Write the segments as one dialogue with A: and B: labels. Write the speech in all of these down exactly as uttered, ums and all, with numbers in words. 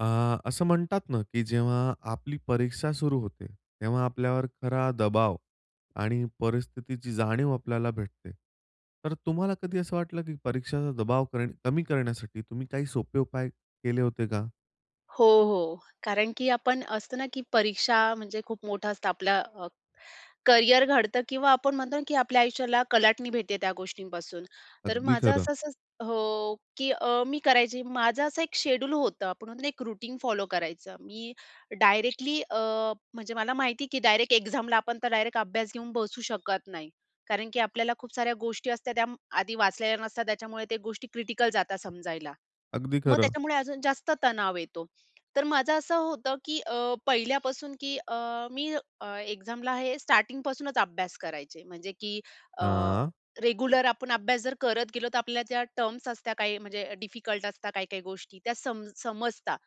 A: अ, असं म्हणतात ना, की जेव्हा आपली परीक्षा सुरू होते, तेव्हा आपल्यावर खरा दबाव आणि परिस्थितीची जाणीव आपल्याला भेटते. तर तुम्हाला कधी असं वाटलं की परीक्षेचा दबाव करण कमी करण्यासाठी तुम्ही काही सोपे उपाय केले होते का?
B: हो, हो. कारण, की आपण असतं ना, की परीक्षा म्हणजे खूप मोठं असतं. आपल्या अ, करियर घडतं किंवा आपण म्हणतो ना, की आपल्या आयुष्याला कलाटणी भेटते त्या गोष्टींपासून. तर
A: अगदी
B: माझं
A: खरं.
B: असं-असं हो की अ, मी करायची. माझं असं एक शेड्यूल होतं. आपण म्हणतो ना, एक रूटीन फॉलो करायचं. मी डायरेक्टली अ, म्हणजे मला माहिती, की डायरेक्ट एक्झामला आपण तर डायरेक्ट अभ्यास घेऊन बसू शकत नाही. कारण, की आपल्याला खूप साऱ्या गोष्टी असतात. त्या आधी वाचलेल्या नसतात. त्याच्यामुळे त्या गोष्टी क्रिटिकल जातात समजायला.
A: अगदी
B: मग
A: खरं.
B: त्याच्यामुळे अजून जास्त तणाव येतो. तर माझं असं होतं, की अ, पहिल्यापासून की अ, मी अ, एक्झामला हे स्टार्टिंगपासूनच अभ्यास करायचे. म्हणजे, की अ,
A: हां.
B: रेग्युलर आपण अभ्यास जर करत गेलो, तर आपल्या त्या टर्म्स असतात काही म्हणजे डिफिकल्ट असतात काही-काही गोष्टी. त्या सम समजतात.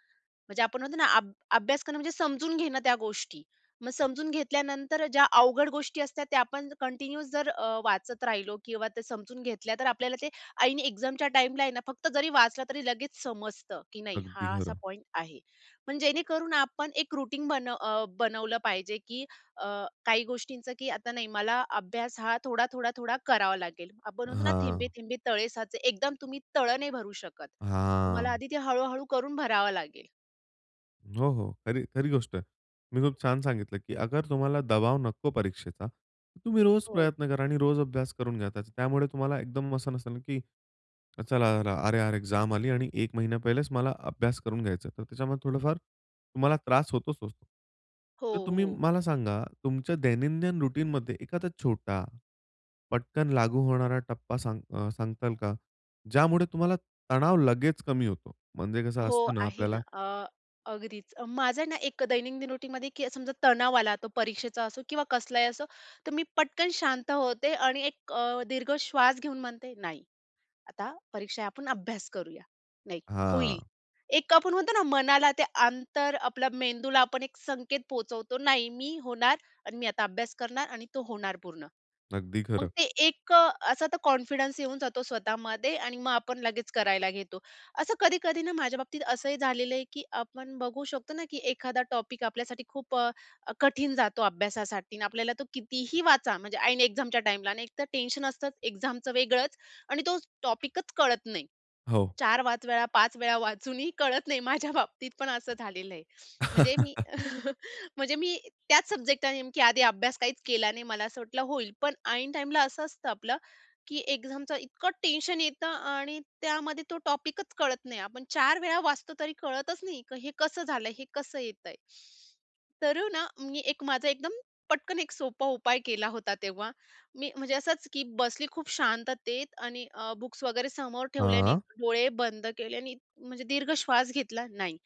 B: म्हणजे आपण म्हणतो ना आभ अभ्यास करणं म्हणजे समजून घेणं त्या गोष्टी. मग समजून घेतल्यानंतर ज्या अवघड गोष्टी असतात. त्या आपण कंटिन्यूस जर अ, वाचत राहिलो किंवा ते समजून घेतल्या, तर आपल्याला ते ऐन एक्झामच्या टाईमला आहे ना, फक्त जरी वाचलं. तरी लगेच समजतं, की नाही
A: अगदी
B: हा असा
A: खरं.
B: पॉइंट आहे. पण जेणेकरून आपण एक रूटीन बन अ, बनवलं पाहिजे, की अ, काही गोष्टींचं, की आता नाही मला अभ्यास हा थोडा-थोडा-थोडा करावा लागेल. आपण म्हणतो ना
A: हां.
B: थेंबे-थेंबे तळे साचे. एकदम तुम्ही तळं नाही भरू शकत. तुम्हाला
A: हां.
B: आधी ते हळू-हळू करून भरावं लागेल.
A: हो, हो. खरी, खरी गोष्ट आहे. तुम्ही खूप छान सांगितलं, की "अगर तुम्हाला दबाव नको परीक्षेचा, तर तुम्ही रोज
B: हो.
A: प्रयत्न करा आणि रोज अभ्यास करून घ्या त्याचा." त्यामुळे तुम्हाला एकदम असं नसेल, की "चला, अरे-अरे, एक्झाम आली आणि एक महिना पहिलेच मला अभ्यास करून घ्यायचा आहे," तर त्याच्यामुळे थोडंफार तुम्हाला त्रास होतोच होतो.
B: हो,
A: तर तुम्ही
B: हो.
A: मला सांगा, तुमच्या दैनंदिन रुटीनमध्ये एखादा छोटा, पटकन लागू होणारा टप्पा सांग अ, सांगाल का, ज्यामुळे तुम्हाला तणाव लगेच कमी होतो? म्हणजे कसं
B: हो,
A: असतं ना,
B: आहे ना,
A: आपल्याला
B: अ, अगदीच. अ, माझं आहे ना, एक दैनिकदिन रुटीनमध्ये, की समजा तणाव आला, तो परीक्षेचा असो किंवा कसलाही असो, तर मी पटकन शांत होते आणि एक अ, दीर्घ श्वास घेऊन म्हणते, "नाही, आता परीक्षा आहे, आपण अभ्यास करूया. नाही, होईल.
A: हां.
B: "एक आपण म्हणतो ना मनाला, ते अंतर आपल्या मेंदूला आपण एक संकेत पोहोचवतो, "नाही, मी होणार आणि मी आता अभ्यास करणार आणि तो होणार पूर्ण."
A: अगदी
B: मग
A: खरं.
B: ते एक अ, असा तर कॉन्फिडन्स येऊन जातो स्वतःमध्ये आणि मग आपण लगेच करायला घेतो. असं कधी-कधी ना, माझ्या बाबतीत असंही झालेलं आहे, की आपण बघू शकतो ना, की एखादा टॉपिक आपल्यासाठी खूप अ, अ, कठीण जातो अभ्यासासाठी आणि आपल्याला तो कितीही वाचा, म्हणजे ऐन एक्झामच्या टाईमला आणि एकतर टेन्शन असतंच एक्झामचं वेगळंच आणि तो टॉपिकच कळत नाही.
A: हो.
B: चार-पाच वेळा, पाच वेळा, वाचूनही कळत नाही. माझ्या बाबतीत पण असं झालेलं आहे. म्हणजे मी म्हणजे मी त्याच सब्जेक्ट नेमकी आधी अभ्यास काहीच केला नाही. मला असं वाटलं, होईल, पण ऐन टाईमला असं असतं आपलं, की एक्झामचं इतकं टेन्शन येतं आणि त्यामध्ये तो टॉपिकच कळत नाही. आपण चार वेळा वाचतो, तरी कळतच नाही, की हे कसं झालं? हे कसं येत आहे? तर अ, ना, मी एक माझा एकदम पटकन एक सोपा उपाय केला होता तेव्हा. मी म्हणजे असंच की बसली खूप शांततेत आणि अ, बुक्स वगैरे समोर ठेवले आणि
A: हां.
B: एक डोळे बंद केले आणि म्हणजे दीर्घ श्वास घेतला. "नाही,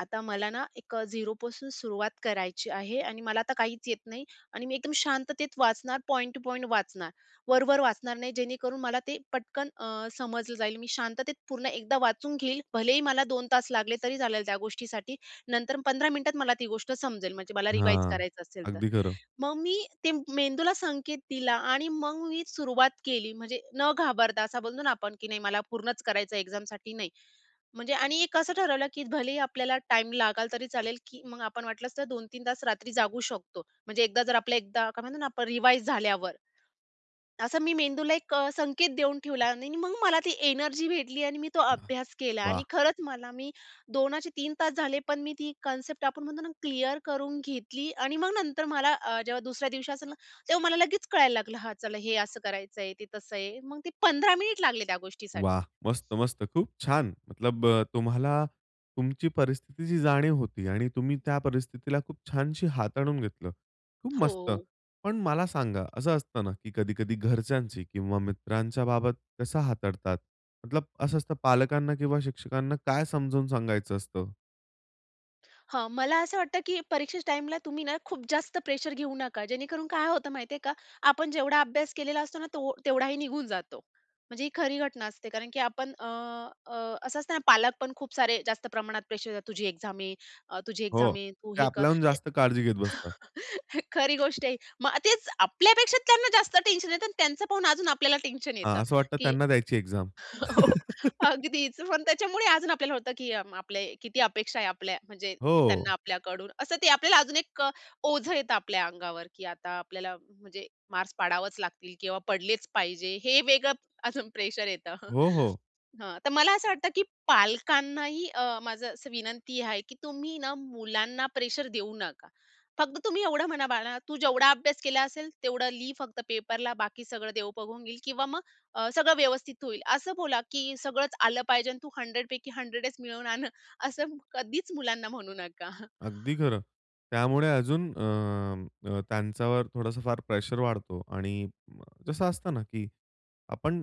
B: आता मला ना एक झिरोपासून सुरुवात करायची आहे आणि मला आता काहीच येत नाही आणि मी एकदम शांततेत वाचणार, पॉइंट टू पॉइंट वाचणार, वर-वर वाचणार नाही, जेणेकरून मला ते पटकन अ, समजलं जाईल. मी शांततेत पूर्ण एकदा वाचून घेईल. भलेही मला दोन तास लागले, तरी चालेल त्या गोष्टीसाठी. नंतर पंधरा मिनिटात मला ती गोष्ट समजेल, म्हणजे मला रिवाईज
A: हां.
B: करायचं असेल तर.
A: अगदी खरं.
B: "मग मी ते मेंदूला संकेत दिला आणि मग मी सुरुवात केली. म्हणजे न घाबरता, असं बोलतो ना आपण की, "नाही, मला पूर्णच करायचं आहे, एक्झामसाठी." नाही म्हणजे आणि कसं ठरवलं, की भलेही आपल्याला टाइम लागला, तरी चालेल, की मग आपण वाटलंस तर दोन-तीन तास रात्री जागू शकतो. म्हणजे एकदा जर आपल्या, एकदा काय म्हणतो ना आपण, रिवाईज झाल्यावर. असं मी मेंदूला एक अ, संकेत देऊन ठेवला आणि मग मला ती एनर्जी भेटली आणि मी तो
A: हं.
B: अभ्यास केला. आणि
A: वाह!
B: खरंच, मला मी दोन चे तीन तास झाले, पण मी ती कन्सेप्ट, आपण म्हणतो ना क्लिअर करून घेतली आणि मग नंतर, मला अ, जेव्हा दुसऱ्या दिवशी असेल ना, तेव्हा मला लगेच कळायला लागलं, "हां, चला, हे असं करायचं आहे, ते तसं आहे." मग ते पंधरा मिनिट लागले त्या गोष्टीसाठी.
A: वाह! मस्त, मस्त, खूप छान! मतलब अ, तुम्हाला तुमची परिस्थितीची जाणीव होती आणि तुम्ही त्या परिस्थितीला खूप छानशी हाताळून घेतलं. खूप मस्त.
B: हो.
A: पण मला सांगा, असं असतं ना, की कधी-कधी घरच्यांची किंवा मित्रांच्या बाबत कसं हाताळतात? मतलब, असं असतं, पालकांना किंवा शिक्षकांना काय समजून सांगायचं असतं?
B: हां. मला असं वाटतं की परीक्षेच्या टाईमला तुम्ही ना खूप जास्त प्रेशर घेऊ नका. जेणेकरून काय होतं माहिती आहे का आपण जेवढा अभ्यास केलेला असतो ना तो तेवढाही निघून जातो. म्हणजे ही खरी घटना असते, कारण की आपण अ, अ, असं असतं ना पालक पण खूप सारे जास्त प्रमाणात प्रेशर देतात, "तुझी एक्झाम आहे, अ, तुझी
A: हो.
B: एक्झाम आहे, तू
A: ते
B: हे कर."
A: आपल्याहून जास्त काळजी घेत बसतात.
B: खरी गोष्ट आहे, मग तेच आपल्यापेक्षा त्यांना जास्त टेन्शन येतं आणि त्यांचं पाहून अजून आपल्याला टेन्शन
A: हां.
B: येतं
A: असं वाटतं
B: की
A: त्यांना द्यायची एक्झाम.
B: हो, अगदीच. पण त्याच्यामुळे अजून आपल्याला होतं की आपले किती अपेक्षा आहे आपल्या म्हणजे त्यांना
A: हो.
B: आपल्याकडून. असं ते आपल्याला अजून एक अ, ओझं येतं आपल्या अंगावर की आता आपल्याला म्हणजे मार्क्स पाडावंच लागतील किंवा पडलेच पाहिजे हे वेगळं अजून प्रेशर येतं हं.
A: हो, हो.
B: हं. तर मला असं वाटतं की पालकांनाही अ, माझं असं विनंती आहे, की तुम्ही ना मुलांना प्रेशर देऊ नका. फक्त तुम्ही एवढं म्हणा, "बाळा तू जेवढा अभ्यास केला असेल, तेवढं लिही फक्त पेपरला. बाकी सगळं देव बघून घेईल किंवा मग अ, सगळं व्यवस्थित होईल." असं बोला. की "सगळंच आलं पाहिजे आणि तू हंड्रेड पैकी हंड्रेडच मिळवून आण" असं कधीच मुलांना म्हणू नका.
A: अगदी खरं. त्यामुळे अजून अ, त्यांच्यावर थोडासा फार प्रेशर वाढतो आणि जसं असतं ना की आपण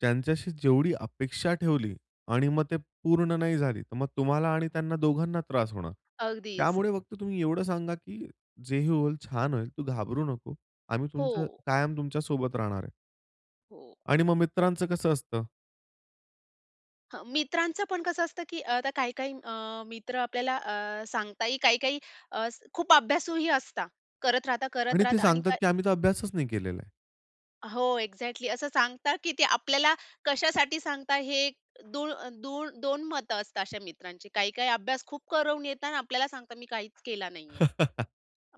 A: ज्यांच्याशी जेवढी अपेक्षा ठेवली आणि मग ते पूर्ण नाही झाली, तर मग तुम्हाला आणि त्यांना दोघांना त्रास होणार.
B: अगदीच.
A: त्यामुळे फक्त तुम्ही एवढं सांगा की "जे ही होईल, छान होईल, तू घाबरू नको. आम्ही तुमचं
B: हो.
A: कायम तुमच्या सोबत राहणार आहे."
B: हो.
A: आणि मग
B: पण
A: मित्रांचं कसं असतं?
B: हं. मित्रांचं पण कसं असतं, की अ, आता काही-काही अ, मित्र आपल्याला अ, सांगताही काही-काही अ, खूप अभ्यासूही असता. करत राहता-करत
A: आणि ते
B: राहता. आणि
A: सांगतात
B: काय
A: की आम्ही तर अभ्यासचं नाही केलेला आहे.
B: हो, एक्झॅक्टली असं सांगता की ते आपल्याला कशासाठी सांगता हे दुळ दुळ दोन मतं असतात अशा मित्रांची. काही-काही अभ्यास खूप करवून येतात आणि आपल्याला सांगता मी काहीचं केला नाहीये.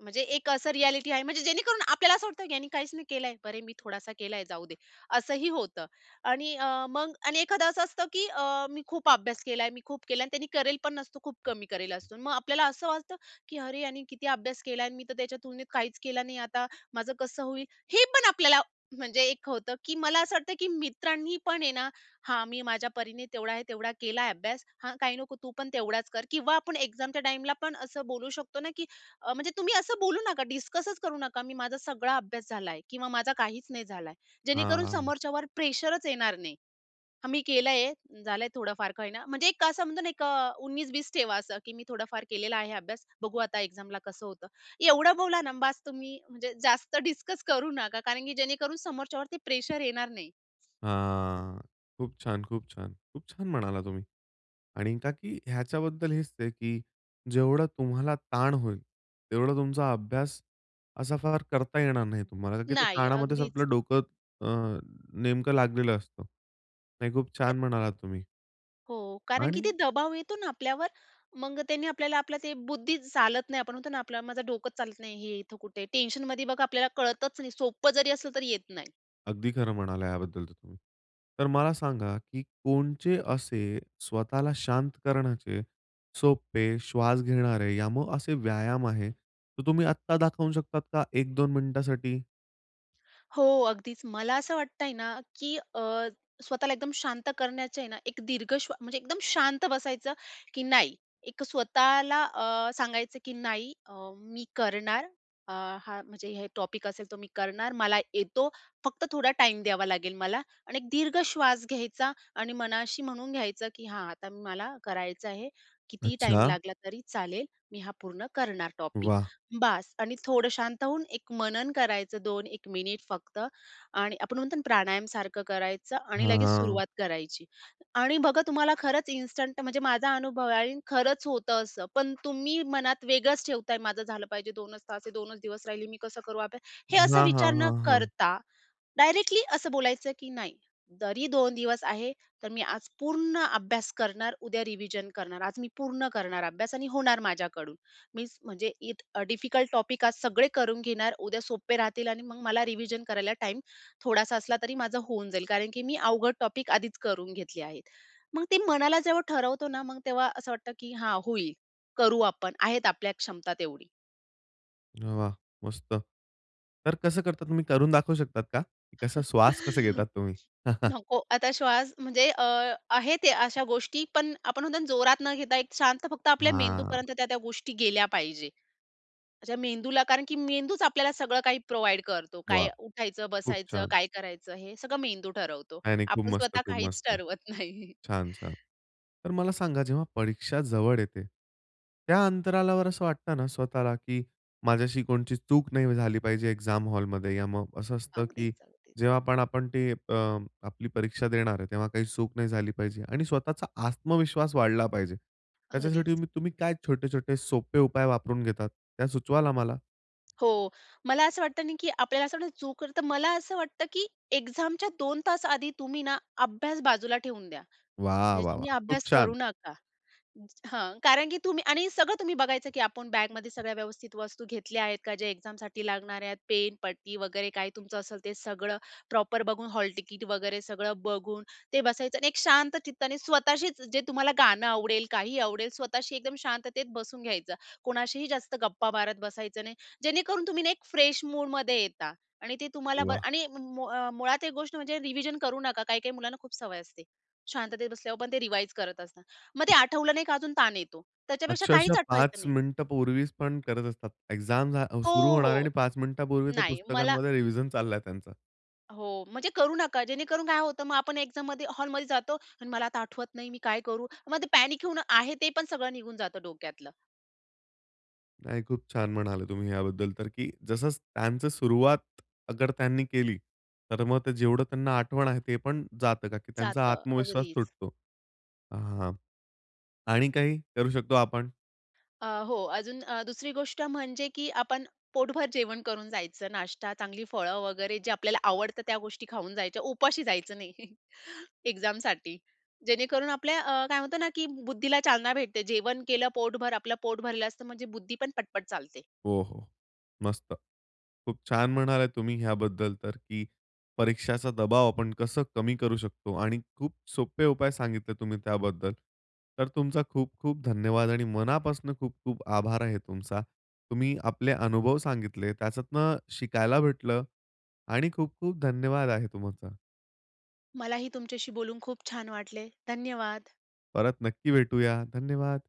B: म्हणजे एक असं रियालिटी आहे. म्हणजे जेणेकरून आपल्याला असं वाटतं, की यांनी काहीचं नाही केलंय, बरं आहे मी थोडासा केलाय जाऊ दे. असंही होतं आणि अ, मग आणि एखादं असं असतं, की अ, मी खूप अभ्यास केलाय, मी खूप केलाय आणि त्याने करेल पण नसतो. खूप कमी करेल असतो मग आपल्याला असं वाटतं, की अरे, यांनी किती अभ्यास केलाय. आणि मी तर त्याच्या तुलनेत काहीच केलं नाही आता माझं कसं होईल? हे पण आपल्याला म्हणजे एक होतं, की मला असं वाटतं, की मित्रांनी पण आहे ना, "हां, मी माझ्या परीने तेवढा आहे, तेवढा केला आहे अभ्यास. हां, काही नको, तू पण तेवढाच कर." किंवा आपण एक्झामच्या टाईमला पण असं बोलू शकतो ना, की अ, म्हणजे तुम्ही असं बोलू नका. डिस्कसचं करू नका. मी माझा सगळा अभ्यास झाला आहे किंवा माझा काहीचं नाही झाला आहे. जेणेकरून
A: हां.
B: समोरच्यावर प्रेशरचं येणार नाही. हां, मी केलंय, झालंय, थोडं फार का होई ना, म्हणजे एक का समजून एक अ, उन्नीस बीस ठेवा असं, की मी थोडाफार केलेला आहे अभ्यास. बघू आता एक्झामला कसं होतं? एवढं बोला ना बास, तुम्ही म्हणजे जास्त डिस्कस करू नका, कारण की जेणेकरून समोरच्यावरती प्रेशर येणार नाही.
A: हां. खूप छान, खूप छान, खूप छान म्हणाला तुम्ही. आणि का की ह्याच्याबद्दल हेच आहे की जेवढं तुम्हाला ताण होईल तेवढं तुमचा अभ्यास असा फार करता येणार नाही तुम्हाला, का की ते
B: नाही.
A: ताणामध्येचं
B: अगदीचं.
A: आपलं डोकं अ, नेमकं लागलेलं असतं. नाही, खूप
B: क,
A: छान म्हणालात तुम्ही.
B: हो, कारण की
A: आणि
B: ते दबाव येतो ना आपल्यावर. मग, त्यांनी आपल्याला आपला ते बुद्धी चालत नाही आपण म्हणतो ना, "आपला माझं डोकं चालत नाही, हे इथं कुठे." टेन्शनमध्ये बघा, आपल्याला कळतच नाही, सोपं जरी असलं तरी, येत नाही.
A: अगदी खरं म्हणाला याबद्दल तर तुम्ही. तर, मला सांगा, की कोणचे असे स्वतःला शांत करण्याचे सोपे, श्वास घेणारे, या मग असे व्यायाम आहे? तर, तुम्ही आत्ता दाखवू शकतात का एक दोन मिनिटासाठी?
B: हो, अगदीच. मला असं वाटतंय ना, की अ, स्वतःला एकदम शांत करण्याचं आहे ना, एक दीर्घ श्वा म्हणजे एकदम शांत बसायचं, की नाही, एक स्वतःला अ सांगायचं, की "नाही, अ मी करणार." अ, हां, म्हणजे "हे टॉपिक असेल तर, मी करणार. मला येतो, फक्त थोडा टाईम द्यावा लागेल मला." आणि एक दीर्घ श्वास घ्यायचा आणि मनाशी म्हणून घ्यायचं, की "हां, आता मला करायचं आहे, कितीही टाईम
A: अच्छा.
B: लागला तरी चालेल, मी हा पूर्ण करणार टॉपिक.
A: वाह!
B: बास! आणि थोडं शांत होऊन एक मनन करायचं दोन एक मिनिट फक्त. आणि आपण म्हणतो ना, प्राणायामसारखं करायचं आणि लगेच
A: हां.
B: सुरुवात करायची. आणि बघा, तुम्हाला खरंच इन्स्टंट म्हणजे, माझा अनुभव आहे. खरंच होतं असं. पण, तुम्ही मनात वेगळंच ठेवताय, "माझं झालं पाहिजे, दोनच तास हे, दोनच दिवस राहिले, मी कसं करू आता?" हे असं
A: हां, हां,
B: विचार न
A: हां, हां.
B: करता, डायरेक्टली असं बोलायचं की नाही, जरी दोन दिवस आहे, तर मी आज पूर्ण अभ्यास करणार, उद्या रिव्हिजन करणार. आज मी पूर्ण करणार अभ्यास आणि होणार माझ्याकडून. मी स म्हणजे, इत अ, डिफिकल्ट टॉपिक आज सगळे करून घेणार, उद्या सोपे राहतील. आणि मग मला रिव्हिजन करायला टाईम थोडासा असला तरी, माझं होऊन जाईल. कारण, की मी अवघड टॉपिक आधीच करून घेतली आहेत." मग ते मनाला जेव्हा ठरवतो ना मग, तेव्हा असं वाटतं, की "हां, होईल, करू आपण, आहेत आपल्या क्षमता तेवढी."
A: वाह! मस्त. तर कसं करता तुम्ही करून दाखवू शकतात का? कसं श्वास कसं घेतात तुम्ही?
B: नको, आता श्वास म्हणजे अ, आहे ते अशा गोष्टी, पण आपण म्हणतो ना, जोरात न घेता एक शांत फक्त आपल्या
A: हां.
B: मेंदूपर्यंत त्या-त्या गोष्टी गेल्या पाहिजे. त्याच्या मेंदूला कारण की मेंदूच आपल्याला सगळं काही प्रोव्हाईड करतो,
A: वाह!
B: काय उठायचं,
A: खूप
B: बसायचं,
A: छान.
B: काय करायचं हे सगळं मेंदू ठरवतो
A: नाही, नाही. खूप
B: आपण
A: मस्त,
B: स्वतः
A: खूप
B: काहीच
A: मस्त.
B: ठरवत नाही.
A: छान, छान. तर मला सांगा, जेव्हा परीक्षा जवळ येते, त्या अंतराळावर असं वाटतं ना, स्वतःला की माझी अशी कोणची चूक नाही झाली पाहिजे, एक्झाम हॉलमध्ये. या मग असं असतं की
B: अगदीच, अगदीच.
A: जेव्हा पण आपण ते अ, आपली परीक्षा देणार आहे, तेव्हा काही चूक नाही झाली पाहिजे आणि स्वतःचा आत्मविश्वास वाढला पाहिजे, त्याच्यासाठी
B: अगदीच.
A: तुम्ही काय छोटे-छोटे सोपे उपाय वापरून घेतात, त्या सुचवाल आम्हाला?
B: हो, मला असं वाटतं ना, की आपल्याला असं वाटतं चूक, तर मला असं वाटतं, की एक्झामच्या दोन तास आधी तुम्ही ना, अभ्यास बाजूला ठेवून द्या.
A: वाह,
B: म्हणजे
A: वाह,
B: तुम्ही
A: वाह! खूप
B: अभ्यास करू
A: छान.
B: नका. हां, कारण की तुम्ही आणि सगळं तुम्ही बघायचं, की आपण बॅगमध्ये सगळ्या व्यवस्थित वस्तू घेतल्या आहेत का? जे एक्झामसाठी लागणार आहेत. पेन, पट्टी वगैरे काय तुमचं असेल ते सगळं प्रॉपर बघून, हॉल तिकीट वगैरे सगळं बघून ते बसायचं. आणि एक शांत चित्ताने स्वतःशीच जे तुम्हाला गाणं आवडेल, काही आवडेल, स्वतःशी एकदम शांततेत बसून घ्यायचं, कोणाशीही जास्त गप्पा मारत बसायचं नाही. जेणेकरून तुम्ही ना, एक फ्रेश मूडमध्ये येता आणि ते तुम्हाला बरं
A: वाह!
B: आणि मुळा मुळात एक गोष्ट म्हणजे रिव्हिजन करू नका. काही-काही मुलांना खूप सवय असते, शांततेत बसल्यावर पण ते रिवाइज करत असतात. मग ते आठवलं नाही का अजून ताण येतो, त्याच्यापेक्षा काहीच
A: अक्षरशः
B: आठवायचं
A: पाच
B: नाही.
A: मिनिटं पूर्वीच पण करत असतात. एक्झाम झाले सुरु
B: हो,
A: होणार
B: हो.
A: आणि पाच मिनिटांपूर्वी त्या
B: नाही, मला
A: पुस्तकांमध्ये रिव्हिजन चालल आहे त्यांचं.
B: हो. म्हणजे करू नका जेणेकरून काय होतं मग आपण एक्झॅाममध्ये, हॉलमध्ये जातो आणि "मला आता आठवत नाही, मी काय करू" मग ते पॅनीक होऊन, आहे ते पण सगळं निघून जातं डोक्यातलं.
A: नाही, खूप छान म्हणाले तुम्ही याबद्दल तर, की जसं त्यांचं सुरुवात अगर त्यांनी केली, तर मग ते जेवढं त्यांना आठवण आहे ते पण जातं का की, त्यांचा
B: जातं.
A: आत्मविश्वास
B: अगदीच.
A: तुटतो. हां आणि काही करू शकतो आपण?
B: अ, हो. अजून अ, दुसरी गोष्ट म्हणजे की आपण पोटभर जेवण करून जायचं, नाष्टा, चांगली फळं वगैरे जे आपल्याला आवडतं त्या गोष्टी खाऊन जायच्या. उपाशी जायचं नाही एक्झामसाठी. जेणेकरून आपल्या अ, काय म्हणतो ना, की बुद्धीला चालना भेटते. जेवण केलं पोटभर, आपलं पोट भरलं असतं, म्हणजे बुद्धी पण पटपट चालते.
A: ओ, हो. मस्त. खूप छान म्हणाल्या तुम्ही ह्याबद्दल तर, की परीक्षाच दबाव आपण कसं कमी करू शकतो. आणि खूप सोपे उपाय सांगितले तुम्ही त्याबद्दल. तर तुमचा खूप-खूप धन्यवाद आणि मनापासून खूप-खूप आभार आहे तुमचा. तुम्ही आपले अनुभव सांगितले, त्याच्यातनं शिकायला भेटलं आणि खूप-खूप धन्यवाद आहे तुमचा.
B: मलाही तुमच्याशी बोलून खूप छान वाटले. धन्यवाद.
A: परत नक्की भेटूया, धन्यवाद.